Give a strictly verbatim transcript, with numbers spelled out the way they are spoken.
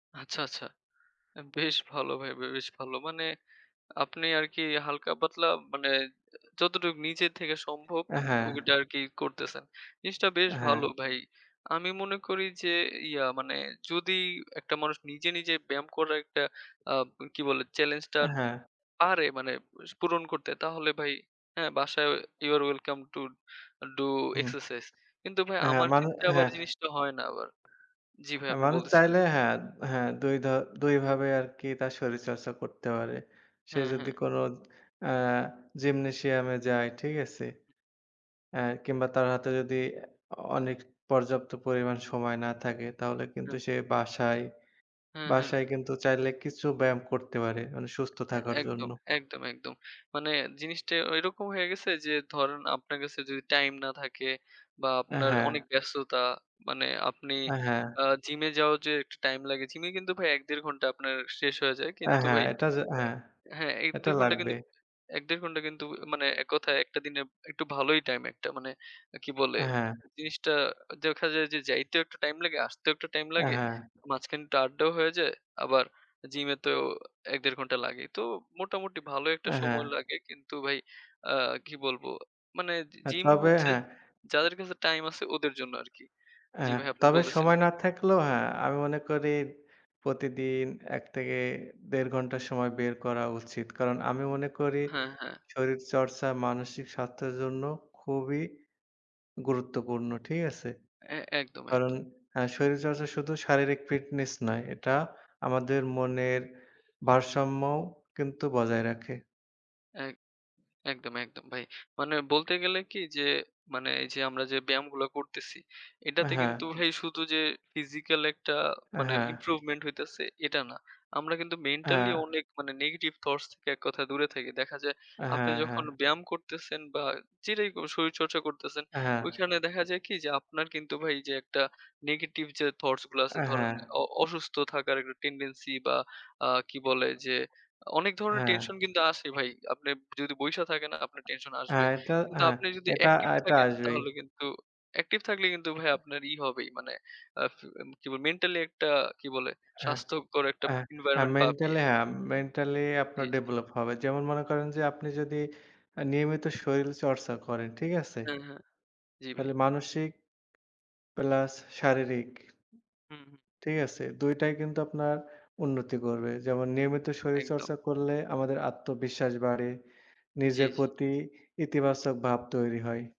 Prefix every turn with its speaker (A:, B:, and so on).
A: আচ্ছা, আচ্ছা। বেশ ভালো ভাই বে বেশ ভালো। মানে আপনি আরকি হালকা পাতলা মানে যতটুকু নিজের থেকে সম্ভব
B: অ্যা, হ্যাঁ।
A: ওইটা আরকি করতেছেন। জিনিসটা বেশ
B: হ্যাঁ।
A: ভালো ভাই। আমি মনে করি যে ইয়া মানে যদি একটা মানুষ নিজে নিজে ব্যায়াম করার একটা অ্যা কি বলে চ্যালেঞ্জটা
B: অ্যা, হ্যাঁ।
A: পারে মানে পূরণ করতে তাহলে ভাই হ্যাঁ বাসায় you are welcome to do
B: হুম।
A: এক্সারসাইজ। কিন্তু ভাই
B: হ্যাঁ
A: আমার
B: মানু
A: ক্ষেত্রে আবার
B: হ্যাঁ,
A: জিনিসটা
B: হ্যাঁ।
A: হয় না আবার। জ্বি ভাই
B: এ
A: আপনি
B: মানুষ
A: বলতেছিলেন।
B: চাইলে হ্যাঁ, হ্যাঁ দুই ধর দুইভাবে আরকি তার শরীরচর্চা করতে পারে। সে
A: হ্যাঁ,
B: যদি
A: হ্যাঁ।
B: কোন অ্যা জিমনেসিয়াম যায় ঠিক আছে। এহ কিংবা তার হাতে যদি অ অনেক পর্যাপ্ত পরিমাণ সময় না থাকে তাহলে কিন্তু সে
A: [unintelligible]
B: বাসায়,
A: হ্যাঁ, হ্যাঁ।
B: বাসায় কিন্তু চাইলে কিছু ব্যায়াম করতে পারে মানে সুস্থ
A: অ্যা,
B: থাকার জন্য।
A: একদম। একদম, একদম। মানে জিনিসটা ওইরকম হয়ে গেছে যে ধরেন আপনার কাছে যদি টাইম না থাকে বা
B: এ
A: আপনার
B: হ্যাঁ।
A: অনেক ব্যস্ততা মানে আপনি
B: এ হ্যাঁ।
A: অ্যা জিমে যাওয়ার যে একটু টাইম লাগে। জিমে কিন্তু ভাই ১-১.৫ ঘণ্টা আপনার শেষ হয়ে যায়।
B: এ
A: কিন্তু
B: হ্যাঁ,
A: ভাই
B: এটা যে হ্যাঁ।
A: হ্যাঁ,
B: এটা
A: ১-১.৫ ঘন্টা
B: লাগবে।
A: কিন্তু ১-১.৫ ঘন্টা কিন্তু মানে এক কথায় একটা দিনে একটু ভালোই টাইম একটা মানে কি বলে
B: হ্যাঁ।
A: জিনিসটা দেখা যায় যে যাইতেও একটু টাইম লাগে, আসতেও একটু টাইম
B: অ্যা,
A: লাগে।
B: হ্যাঁ।
A: মাঝখানে একটু আড্ডাও হয়ে যায়। আবার
B: [unintelligible]
A: জিমে তো ১-১.৫ ঘন্টা লাগে। তো মোটামুটি ভালো একটা
B: অ্যা, হ্যাঁ।
A: সময় লাগে কিন্তু ভাই অ্যা কি বলবো মানে জি
B: হ্যাঁ
A: জিম
B: তবে
A: হচ্ছে
B: হ্যাঁ।
A: যাদের কাছে টাইম আছে ওদের জন্য আরকি।
B: অ্যা
A: জি ভাই আপনি
B: তবে
A: বলতেসিলেন।
B: সময় না থাকলেও হ্যাঁ আমি মনে করি প্রতিদিন ১ থেকে ১.৫ ঘণ্টা সময় বের করা উচিত। কারণ আমি মনে করি
A: হ্যাঁ, হ্যাঁ।
B: শরীর চর্চা মানসিক স্বাস্থ্যের জন্য খুবই গুরুত্বপূর্ণ। ঠিক আছে?
A: এ একদম,
B: কারণ
A: একদম।
B: হ্যাঁ শরীরচর্চা শুধু শারীরিক ফিটনেস নয়। এটা আমাদের মনের ভারসাম্যও কিন্তু বজায় রাখে। হ্যাঁ।
A: এক একদম, একদম ভাই। মানে বলতে গেলে কি যে মানে এই যে আমরা যে ব্যায়ামগুলা করতেছি
B: আ
A: এটাতে
B: হ্যাঁ।
A: কিন্তু ভাই শুধু যে ফিজিক্যাল একটা মানে
B: হ্যাঁ।
A: ইমপ্রুভমেন্ট হইতেছে এটা না। আমরা কিন্তু মেন্টালি
B: হ্যাঁ।
A: অনেক মানে নেগেটিভ থটস থেকে এক কথা দূরে থাকি। দেখা যায় আপনি
B: হ্যাঁ, হ্যাঁ।
A: যখন ব্যায়াম করতেছেন বা যেটাই করে শরীরচর্চা করতেছেন
B: হ্যাঁ।
A: ওইখানে দেখা যায় কি যে আপনার কিন্তু ভাই যে একটা নেগেটিভ যে থাউটসগুলা আছে
B: অ্যা,
A: ধরেন
B: হ্যাঁ।
A: অ অসুস্থ থাকার একটা টেনডেন্সি বা অ্যা কি বলে যে অনেক
B: [unintelligible]
A: ধরনের
B: হ্যাঁ।
A: টেনশন কিন্তু আসে ভাই। আপনি যদি বইসা থাকেন আপনার টেনশন আসবে।
B: হ্যাঁ এটা,
A: কিন্তু
B: হ্যাঁ
A: আপনি যদি
B: এটা,
A: অ্যাকটিভ
B: এটা
A: থাকেন
B: আসবেই।
A: তাহলে কিন্তু অ্যাকটিভ থাকলে কিন্তু ভাই আপনার ই হবেই। মানে অ্যা কি বলে মেন্টালি একটা কি বলে
B: হ্যাঁ।
A: স্বাস্থ্যকর একটা
B: অ্যা,
A: এনভায়রনমেন্ট পাবিয়ে।
B: মেন্টালি হ্যাঁ মেন্টালি
A: জি,
B: আপনার
A: জি।
B: ডেভেলপ হবে। যেমন মনে করেন যে আপনি যদি নিয়মিত শরীল চর্চা করেন, ঠিক আছে?
A: হ্যাঁ, হ্যাঁ। জি
B: তাহলে
A: ভাই।
B: মানসিক প্লাস শারীরিক
A: হুম, হুম।
B: ঠিক আছে। দুই টাই কিন্তু আপনার উন্নতি করবে। যেমন নিয়মিত
A: একদম।
B: শরীরচর্চা করলে আমাদের আত্মবিশ্বাস বাড়ে।
A: জি,
B: নিজের
A: জি।
B: প্রতি ইতিবাচক ভাব তৈরি হয়।